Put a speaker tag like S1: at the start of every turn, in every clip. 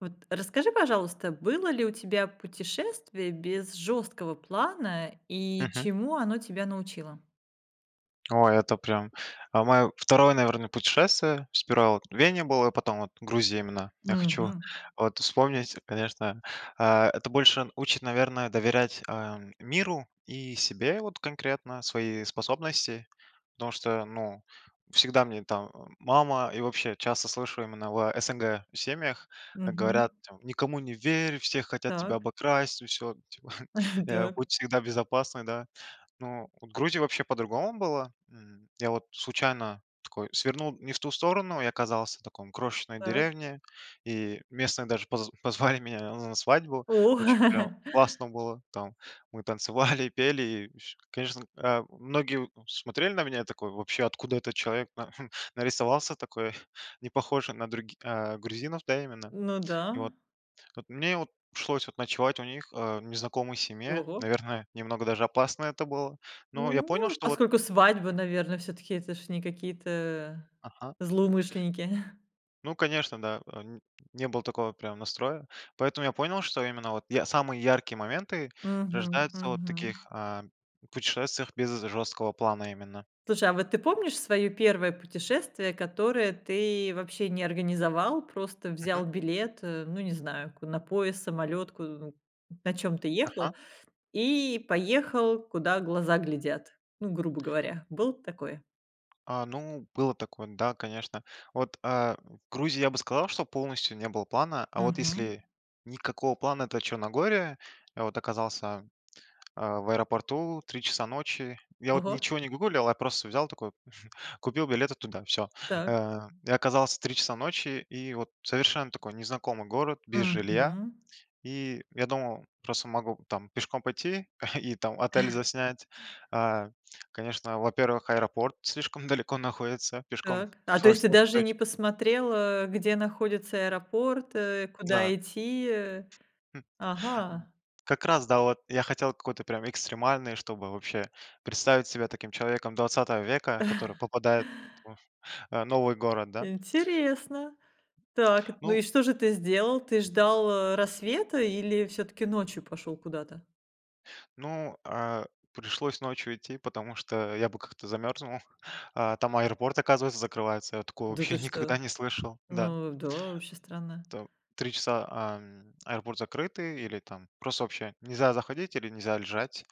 S1: Вот расскажи, пожалуйста, было ли у тебя путешествие без жёсткого плана, и
S2: Мгм.
S1: чему оно тебя научило?
S2: Ой, это прям А моё 2, наверно, путешествие, сперва вот в Вене был, а потом вот Грузия именно. Я хочу
S1: Мгм.
S2: вот вспомнить, конечно, э, это больше учит, наверное, доверять, э, миру и себе вот конкретно, свои способности. Потому что, ну, всегда мне там мама, и вообще часто слышу именно в СНГ семьях,
S1: Мгм.
S2: говорят там: "Никому не верь, все хотят тебя
S1: Так.
S2: обокрасть, и всё", типа, э,
S1: Дак.
S2: "Будь всегда безопасный", да. Ну вот в Грузии вообще по-другому было, м. Я вот случайно такой свернул не в ту сторону, и оказался в таком, крошечной
S1: Так.
S2: деревне, и местные даже поз позвали меня на свадьбу,
S1: О!
S2: очень прям классно было, там, мы танцевали, пели и с И конечно, э, многие, у, смотрели на меня такой, вообще: "Откуда этот человек на нарисовался такой, не похожий на други э, грузинов?" Да, именно.
S1: Ну
S2: И
S1: да.
S2: вот. Вот мне от пришлось ночевать у них, э, в незнакомой семье,
S1: Ого!
S2: наверное, немного даже опасно это было, но я понял
S1: Ну,
S2: что вот
S1: поскольку свадьба,
S2: Мгм.
S1: наверно, всё-таки это ж не какие-то
S2: Ага.
S1: злоумышленники.
S2: Ну конечно, да, э, м, не было такого прям настроя. Поэтому я понял, что именно вот я самые яркие моменты
S1: Мгм.
S2: рождаются вот в
S1: Мгм.
S2: таких, э, путешествиях без жесткого плана именно.
S1: Слушай, а вот ты помнишь своё 1 путешествие, которое ты вообще не организовал, просто взял
S2: Мгм.
S1: билет, э, ну не знаю, ку на поезд, самолёт, у на чём ты
S2: Ага.
S1: ехал, и поехал куда глаза глядят? Ну, грубо говоря, было такое?
S2: А, ну, было такое, да, конечно. Вот, э, в Грузии, я бы сказал, что полностью не было плана, а вот
S1: Мгм.
S2: если никакого плана- это Черногория, я вот оказался, э, в аэропорту, в 3 часа ночи, я вот
S1: Ого!
S2: ничего не гуглил, я просто взял такой купил билеты туда, всё.
S1: Так.
S2: Э, и оказался в 3 часа ночи, и вот совершенно такой незнакомый город, без жилья.
S1: Мгм.
S2: И я думал, просто могу там пешком пойти и там отель заснять. Э, конечно, во-первых, аэропорт слишком далеко находится, пешком
S1: Так, а, то есть
S2: пришлось.
S1: ты даже
S2: [unintelligible]
S1: не посмотрел, э, где находится аэропорт, э, куда
S2: Да.
S1: идти, э? Ага!
S2: Как раз, да, вот я хотел какой-то прям экстремальный, чтобы вообще представить себя таким человеком 20 века, который попадает т в новый город, да. Хм.
S1: Интересно. Так, ну
S2: Ну
S1: и что же ты сделал? Ты ждал, э, рассвета или всё-таки ночью пошел куда-то?
S2: Ну, э, пришлось ночью идти, потому что я бы как-то замерзнул. Э, там аэропорт, оказывается, закрывается, я такого
S1: Да
S2: вообще
S1: ты
S2: никогда
S1: что?
S2: не слышал, да.
S1: Ну да, вообще странно.
S2: То 3 часа, ам, аэропорт закрытый или там просто вообще нельзя заходить или нельзя лежать.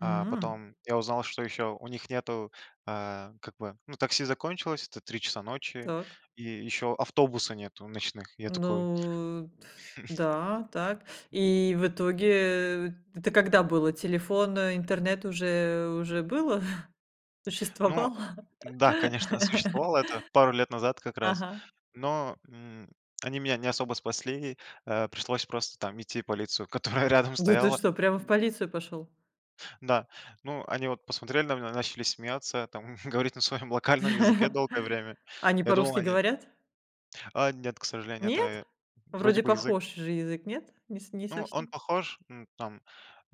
S2: А
S1: М
S2: потом я узнал что ещё у них нету, э, как бы, ну, такси закончилось, это 3 часа ночи,
S1: Так.
S2: и ещё автобуса нету ночных. Я такой
S1: Ну т да, так. И в итоге, э, это когда было? Телефон,
S2: Мгм.
S1: интернет уже уже было,
S2: Ну
S1: существовал?
S2: да, конечно, существовал, это пару лет назад как раз,
S1: Ага.
S2: но, м, они меня не особо спасли, э, пришлось просто там идти в полицию, которая рядом
S1: Да ты
S2: стояла.
S1: что, прямо в полицию пошел?
S2: Да, ну они вот посмотрели на меня, начали смеяться, там говорить на своем локальном языке долгое время.
S1: Они
S2: Я думал
S1: по-русски
S2: они
S1: говорят?
S2: А нет, к сожалению, это
S1: Нет?
S2: й вроде
S1: Вроде
S2: бы язык
S1: похож же язык, нет? Не с не
S2: Ну он
S1: совсем.
S2: похож н там.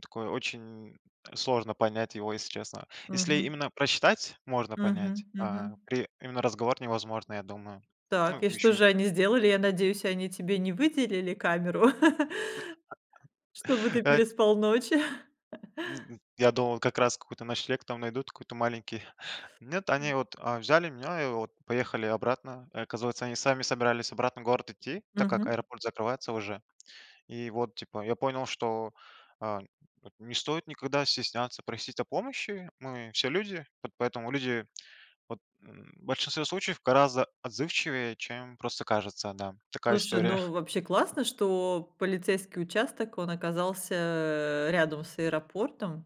S2: Такой, очень сложно понять его, если честно. Если
S1: Мгм.
S2: именно прочитать- можно
S1: Мгм,
S2: понять.
S1: мгм.
S2: А при именно разговор невозможно, я думаю. Ну,
S1: Так, и что
S2: ещё
S1: же они сделали? Я надеюсь, они тебе не выделили камеру? Чтобы ты
S2: Э
S1: переспал ночь?
S2: М, я думал, как раз какой-то ночлег там найдут, какой-то маленький. Нет, они вот, э, взяли меня и вот поехали обратно. Оказывается, они сами собирались обратно в город идти, так как
S1: Мгм.
S2: аэропорт закрывается уже. И вот типа я понял, что, э, не стоит никогда стесняться просить о помощи, мы все люди, по поэтому люди вот, м, в большинстве случаев гораздо отзывчивее, чем просто кажется, да. Такая
S1: Слушай,
S2: история.
S1: ну вообще классно, что полицейский участок, он оказался, э, рядом с аэропортом,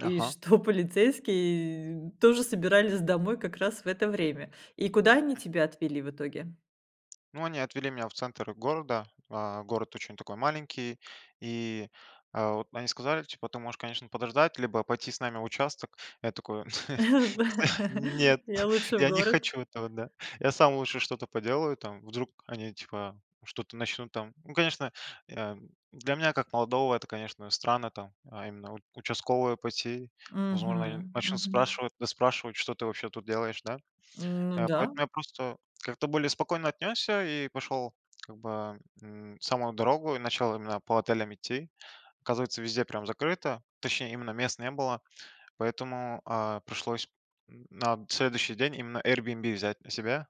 S1: и что полицейские тоже собирались домой как раз в это время. И куда они тебя отвели в итоге?
S2: Ну, они отвели меня в центр города, а город очень такой маленький, и, а, вот, они сказали, типа: "Ты можешь, конечно, подождать либо пойти с нами в участок". Я такой: "Нет,
S1: Я лучше в
S2: я не
S1: город.
S2: хочу этого", да, я сам лучше что-то поделаю там, вдруг они, типа, что-то начнут там. Ну, конечно, я для меня как молодого это, конечно, странно там. А именно в участковые пойти возможно, они
S1: Мгм,
S2: начнут
S1: мгм.
S2: спрашивать, выспрашивать: "Что ты вообще тут делаешь, да?"
S1: Ну
S2: А
S1: да.
S2: поэтому я просто как-то более спокойно отнесся и пошел, как бы, м, в самую дорогу, и начал именно по отелям идти. Оказывается, везде прям закрыто, точнее, именно мест не было, поэтому, а, пришлось на следующий день именно Airbnb взять на себя.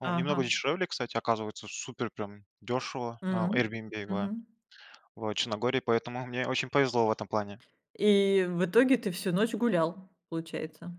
S2: Ну, немного
S1: Ага.
S2: дешевле, кстати, оказывается, супер прям дешево, а,
S1: М,
S2: Airbnb [unintelligible]
S1: мгм.
S2: вот в Черногории, поэтому мне очень повезло в этом плане.
S1: И в итоге ты всю ночь гулял, получается.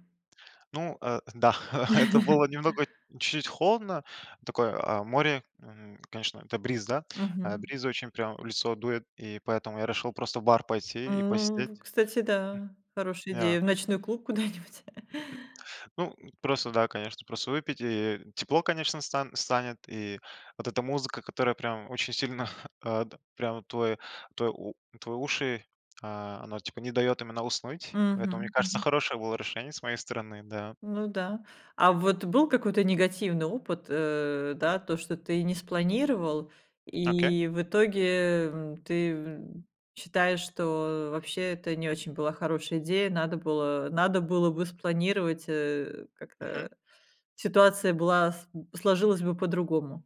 S2: Ну, э, да, это было немного чуть-чуть холодно, такое, а, море, м, конечно, это бриз, да? А
S1: Мгм.
S2: бриз очень прямо в лицо дует, и поэтому я решил просто в бар пойти и
S1: Ну,
S2: посидеть.
S1: в кстати, да, хорошая
S2: М. Ме а.
S1: идея, в ночной клуб куда-нибудь.
S2: Ну, м, просто да, конечно, просто выпить, и тепло, конечно, стан станет, и вот эта музыка, которая прям очень сильно, а, да, прямо вот твой твой у твои уши, а она, типа, не дает именно уснуть, поэтому, мне
S1: Мгм,
S2: кажется,
S1: мгм.
S2: хорошее было решение с моей стороны, да.
S1: Ну да. А вот был какой-то негативный опыт, э, да, то, что ты не спланировал,
S2: Окей.
S1: и в итоге, эм, ты, ум, считаешь, что вообще это не очень была хорошая идея, надо было надо было бы спланировать, э,
S2: Мгм.
S1: как-то, ситуация была сложилась бы по-другому.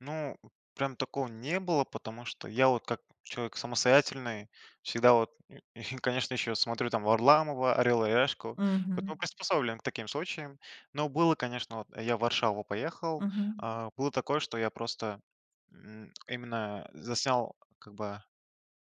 S2: Ну, прям такого не было, потому что я, вот, как человек самостоятельный, всегда, вот, и и конечно, еще, смотрю там Варламова, "Орел и решку",
S1: Мгм.
S2: потом приспособлен к таким случаям. Но было, конечно, вот, я в Варшаву поехал,
S1: Мгм.
S2: э, было такое, что я просто, м, именно, э, заснял, как бы,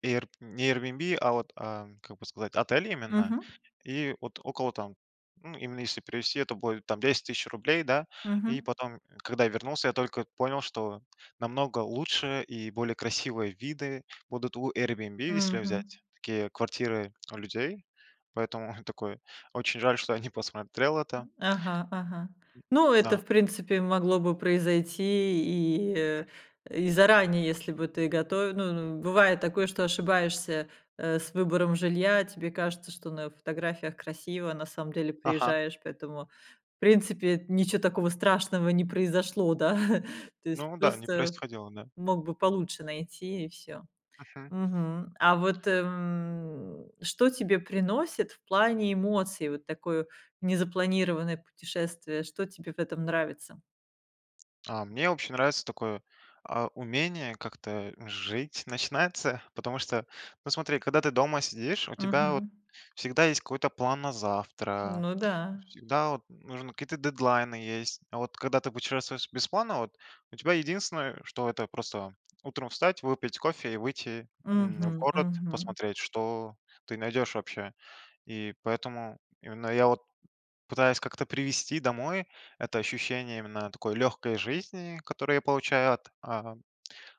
S2: эйрб не "Эйрбиэнби", а, вот, э, как бы сказать, отель именно,
S1: Мгм.
S2: и вот около, там, ну, именно если привезти, то будет там 10 тыщ рублей, да. И
S1: Мгм.
S2: потом, когда вернулся, я только понял, что намного лучше и более красивые виды будут у "Эйрбиэнби", если
S1: Мгм.
S2: взять такие квартиры у людей, поэтому такой: "Очень жаль, что я не посмотрел это".
S1: Ага, ага.
S2: М.
S1: Ну это,
S2: Да.
S1: в принципе, могло бы произойти и,
S2: Мгм.
S1: э, и заранее, если бы ты гото ну ну, бывает такое, что ошибаешься, э, с выбором жилья, тебе кажется, что на фотографиях красиво, а на самом деле
S2: Ага.
S1: приезжаешь поэтому, в принципе, ничего такого страшного не произошло, да? То есть
S2: Ну да, не
S1: просто
S2: происходило, да.
S1: мог бы получше найти и всё.
S2: Мгм.
S1: Мгм. А вот, м, что тебе приносит в плане эмоций, вот такое незапланированное путешествие? Что тебе в этом нравится?
S2: А мне вообще нравится такое, а, умение как-то, э, жить начинается, потому что, ну смотри, когда ты дома сидишь, у тебя, вот,
S1: Мгм.
S2: всегда есть какой-то план на завтра,
S1: Ну да.
S2: всегда, вот, нужно какие-то дедлайны есть. А, вот, когда ты путешествуешь без планов, вот, у тебя единственное, э, что это просто утром встать, выпить кофе и выйти, м, в
S1: Мгм
S2: город,
S1: мгм.
S2: посмотреть, что ты найдешь вообще. И поэтому именно я, вот, пытаюсь как-то привести домой это ощущение именно такой легкой жизни, которую я получаю от, а,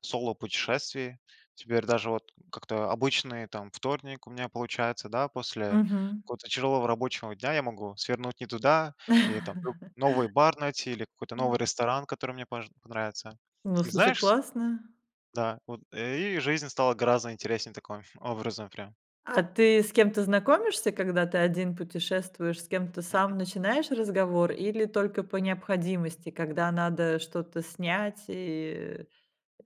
S2: соло-путешествий. Теперь даже вот как-то обычный, там, вторник у меня получается, да, после
S1: Мгм.
S2: какого-то тяжелого рабочего дня я могу свернуть не туда. И, там, лю новый бар найти, или какой-то
S1: М.
S2: новый ресторан, который мне может понравится.
S1: Во,
S2: И
S1: слушай,
S2: знаешь, ск
S1: классно!
S2: Да, вот. Э, и жизнь стала гораздо интереснее таком ф образом, прям.
S1: А ты с кем-то знакомишься, когда ты один путешествуешь? С кем-то
S2: Мгм.
S1: сам начинаешь разговор, или только по необходимости? Когда надо что-то снять, и,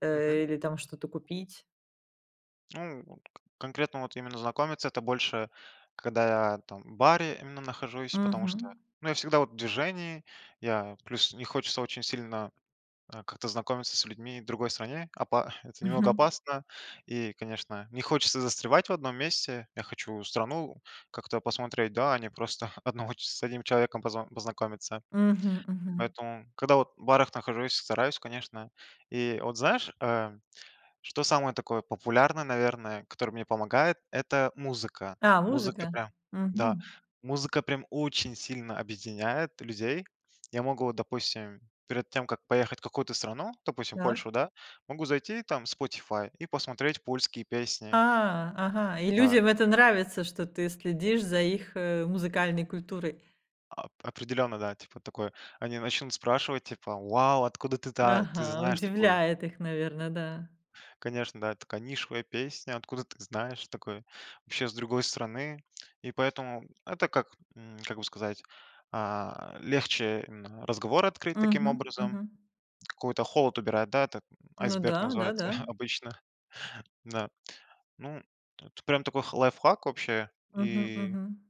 S1: э,
S2: Мгм.
S1: э или там что-то купить?
S2: Ну, вот. К конкретно, вот, именно знакомиться- это больше, когда я, там, в баре именно нахожусь. Потому что,
S1: Мгм.
S2: ну, я всегда, вот, в движении. Я, плюс, не хочется очень сильно, э, как-то знакомиться с людьми в другой стране. Опа это немного
S1: Мгм.
S2: опасно, и, конечно, не хочется застревать в одном месте. Я хочу страну как-то посмотреть, да, а не просто одного ч с одним человеком поз познакомиться.
S1: Мгм, мгм.
S2: Поэтому, когда, вот, в барах нахожусь, стараюсь, конечно. И вот знаешь, э, что самое такое популярное, наверное, которое мне помогает- это музыка.
S1: А,
S2: Музыка,
S1: музыка,
S2: прям, да,
S1: мгм.
S2: музыка, прям, очень сильно объединяет людей. Я могу, допустим, перед тем как поехать в какую-то страну, допустим,
S1: Так.
S2: Польшу, да. Могу зайти, там, в Spotify, и посмотреть польские песни.
S1: А, ага, и
S2: Да.
S1: людям это нравится, что ты следишь за их, э, музыкальной культурой.
S2: А ап определенно да, типа такой, они начнут спрашивать типа: "Вау, откуда ты та ты
S1: Ага,
S2: знаешь такую?"
S1: удивляет их наверно, да.
S2: Конечно, да: "Такая нишевая песня, откуда ты знаешь, такой, вообще с другой страны". И поэтому это как, м, как бы сказать, а, легче именно разговор открыть таким
S1: Мгм,
S2: образом.
S1: мгм.
S2: Какой-то холод убирает, да, это
S1: Ну
S2: айсберг
S1: да,
S2: называется
S1: да-да.
S2: обычно. Да, ну это прям такой х лайфхак вообще.
S1: Мгм,
S2: И
S1: мгм.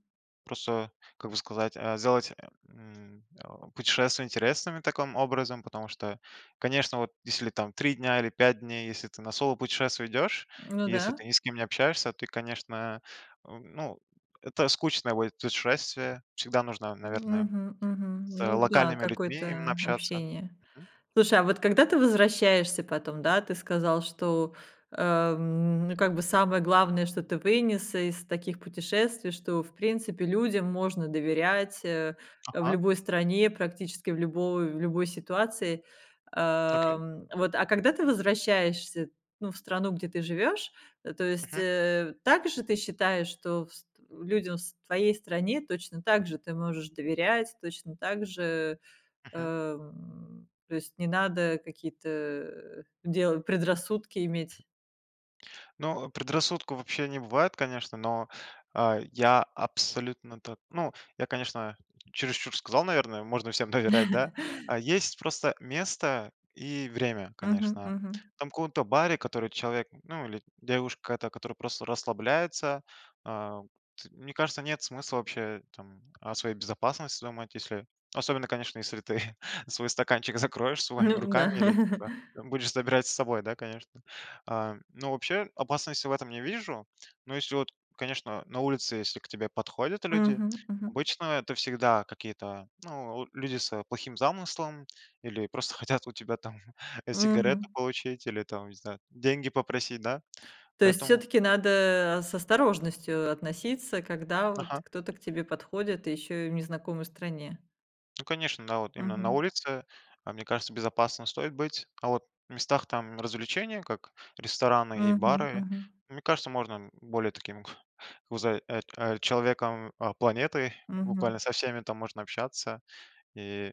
S2: просто, как бы сказать, э сделать, м, э, путешествие интересным таким образом. Потому что, конечно, вот если там 3 дня или 5 дней, если ты на соло путешествие идешь.
S1: М, ну
S2: Если
S1: да.
S2: ты ни с кем не общаешься, ты, конечно, э, ну это скучное будет путешествие, всегда нужно, наверное,
S1: Мгм, мгм.
S2: с
S1: Ну да.
S2: локальными людьми именно
S1: Какое-то, э,
S2: общаться.
S1: общение.
S2: Мгм.
S1: Слушай, а вот когда ты возвращаешься потом, да, ты сказал что, э, м, как бы, самое главное, что ты вынес из таких путешествий, что в принципе людям можно доверять, э, в
S2: Ага.
S1: любой стране, практически в любой любой ситуации.
S2: Окей.
S1: Эм, вот, а, когда ты возвращаешься, ну, в страну, где ты живёшь, э, то есть,
S2: Мгм.
S1: э, также ты считаешь, что вс в людям в твоей стране точно так же ты можешь доверять? Точно так же, э,
S2: Мгм.
S1: м, то есть не надо какие-то, э, делать, предрассудки иметь?
S2: Ну, предрассудков, вообще, не бывает конечно. Но, э, я абсолютно так ну, я, конечно, чересчур сказал, наверное, "Можно всем доверять", да, э, есть просто место и время
S1: Мгм,
S2: конечно.
S1: мгм.
S2: Там, в ком-то баре, который человек ну или девушка, та, которая просто расслабляется, э, т мне кажется нет смысла вообще, там, о своей безопасности думать. Если особенно, конечно, если ты свой стаканчик закроешь своими
S1: Ну да.
S2: руками, или, типа, будешь забирать с собой, да, конечно. А, ну вообще опасности в этом не вижу, но если, вот, конечно на улице, если к тебе подходят люди.
S1: Мгм, мгм.
S2: Обычно это всегда какие-то, ну, э, люди с плохим замыслом, или просто хотят у тебя, там, сигареты
S1: Мгм.
S2: получить, или, там, не знаю, деньги попросить, да,
S1: То есть
S2: поэтому
S1: всё-таки надо, э, с осторожностью относиться, когда, вот,
S2: Ага.
S1: кто-то к тебе подходит, ещё и в незнакомой стране?
S2: Ну конечно, да. Вот именно на
S1: Мгм.
S2: улице, э, мне кажется, безопасно стоит быть. А вот в местах, там, развлечения, как рестораны и
S1: Мгм,
S2: бары,
S1: мгм.
S2: мне кажется, можно, м, более таким вза ат человеком планеты,
S1: Мгм.
S2: буквально со всеми там можно общаться и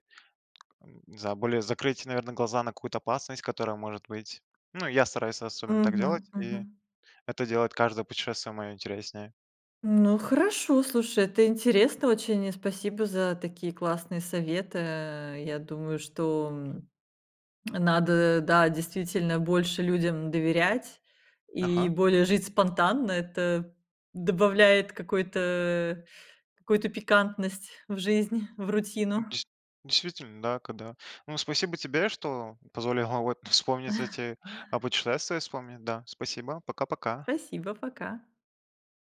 S2: не знаю, более закрыть, наверно, глаза на какую-то опасность, которая может быть. Ну я стараюсь особенно так делать,
S1: Мгм,
S2: и
S1: мгм.
S2: это делает каждое путешествие моё интереснее.
S1: Ну хорошо, слушай, это интересно очень. И спасибо за такие классные советы, э, я думаю, что, м,
S2: М.
S1: надо да действительно больше людям доверять, и
S2: Ага.
S1: более жить спонтанно. Это добавляет какой-то, э, какую-то пикантность в жизнь, в рутину.
S2: Дейс действительно, да, когда. Ну спасибо тебе, что позволила вот вспомнить эти, о путешествиях вспомнить, да. Спасибо. Пока-пока.
S1: Спасибо, пока!